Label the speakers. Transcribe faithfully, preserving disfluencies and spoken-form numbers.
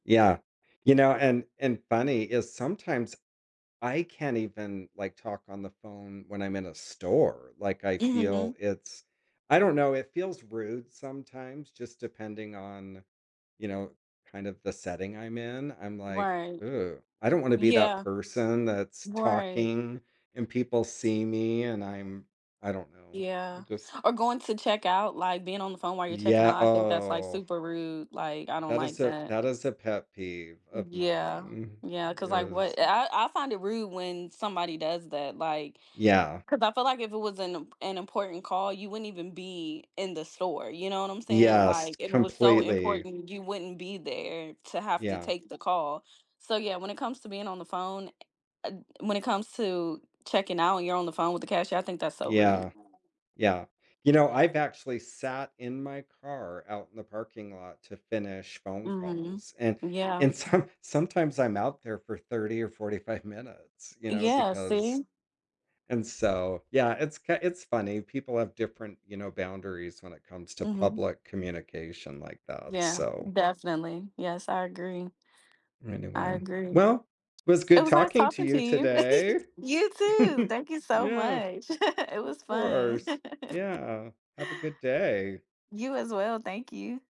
Speaker 1: Yeah, you know, and and funny is sometimes I can't even, like, talk on the phone when I'm in a store, like, I
Speaker 2: Mhm.
Speaker 1: feel it's I don't know, it feels rude sometimes, just depending on, you know, kind of the setting I'm in, I'm like,
Speaker 2: Right.
Speaker 1: "Ew, I don't wanna be that
Speaker 2: Yeah.
Speaker 1: person that's
Speaker 2: Right.
Speaker 1: talking, and people see me, and I'm" I don't know, I
Speaker 2: Yeah,
Speaker 1: just
Speaker 2: or going to check out, like, being on the phone while you're checking
Speaker 1: Yeah,
Speaker 2: out, I think that's like
Speaker 1: oh.
Speaker 2: super rude, like, I don't
Speaker 1: That is
Speaker 2: like
Speaker 1: a
Speaker 2: that.
Speaker 1: that is a pet peeve of
Speaker 2: Yeah,
Speaker 1: mine
Speaker 2: yeah, ‘cause like
Speaker 1: is
Speaker 2: what i I I find it rude when somebody does that, like,
Speaker 1: Yeah.
Speaker 2: ‘cause I feel like if it was an im an important call, you wouldn't even be in the store, you know what I'm saying?
Speaker 1: Yes,
Speaker 2: Like if it was so
Speaker 1: completely.
Speaker 2: important, you wouldn't be there to have to
Speaker 1: Yeah.
Speaker 2: take the call, so yeah, when it comes to being on the phone, uh, when it comes to checking out and you're on the phone with the cashier, I think that's so rude.
Speaker 1: Yeah, yeah. You know, I've actually sat in my car out in the parking lot to finish phone
Speaker 2: Mhm.
Speaker 1: calls, and
Speaker 2: Yeah.
Speaker 1: and some sometimes I'm out there for thirty or forty five minutes, you know,
Speaker 2: Yeah,
Speaker 1: because
Speaker 2: see.
Speaker 1: And so, yeah, it's k it's funny, people have different, you know, boundaries when it comes to
Speaker 2: Mhm.
Speaker 1: public communication like that,
Speaker 2: Yeah,
Speaker 1: so.
Speaker 2: definitely. Yes, I agree. I
Speaker 1: Anyway,
Speaker 2: agree.
Speaker 1: well, it was
Speaker 2: It
Speaker 1: good
Speaker 2: was nice
Speaker 1: talking to
Speaker 2: talking to
Speaker 1: you
Speaker 2: you.
Speaker 1: today!
Speaker 2: You too! Thank you so
Speaker 1: Yeah.
Speaker 2: much. It
Speaker 1: Of
Speaker 2: was fun.
Speaker 1: course. Yeah, have a good day.
Speaker 2: You as well, thank you.